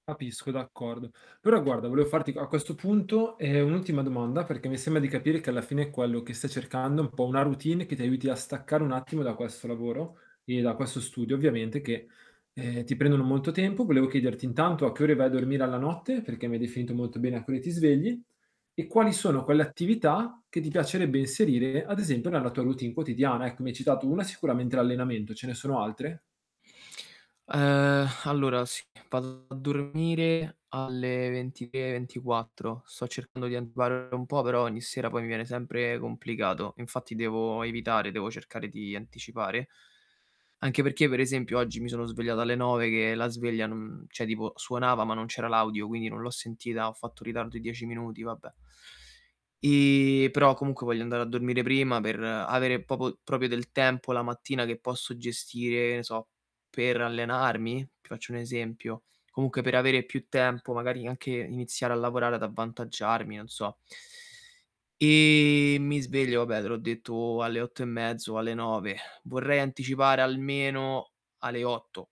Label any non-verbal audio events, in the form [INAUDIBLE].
Capisco, d'accordo. Però guarda, volevo farti a a questo punto, ehm, un'ultima domanda, perché mi sembra di capire che alla fine quello che stai cercando è un po' una routine, che ti aiuti a staccare un attimo da questo lavoro e da questo studio, ovviamente che, ehm, ti prendono molto tempo. Volevo chiederti intanto a che ore vai a dormire alla notte, perché mi hai definito molto bene a che ore ti svegli, e quali sono quelle attività che ti piacerebbe inserire ad esempio nella tua routine quotidiana. Ecco, mi hai citato 1, sicuramente l'allenamento, ce ne sono altre? Uhm, allora sì, vado a dormire alle 23, 24. Sto cercando di anticipare un po' però ogni sera poi mi viene sempre complicato, infatti devo evitare, devo cercare di anticipare. Anche perché per esempio oggi mi sono svegliato alle 9, che la sveglia non mhmm, cioè tipo suonava ma non c'era l'audio, quindi non l'ho sentita, ho fatto ritardo di 10 minuti, vabbè. E però comunque voglio andare a dormire prima, per avere popo proprio del tempo la mattina che posso gestire e ne so, per allenarmi? Ti faccio un esempio. Comunque per avere più tempo, magari anche iniziare a lavorare, ad avvantaggiarmi, non so. [INHALES] E mi sveglio vabbè te l'ho detto alle 8 e mezzo, alle 9.. [SIGHS] Vorrei anticipare almeno alle 8.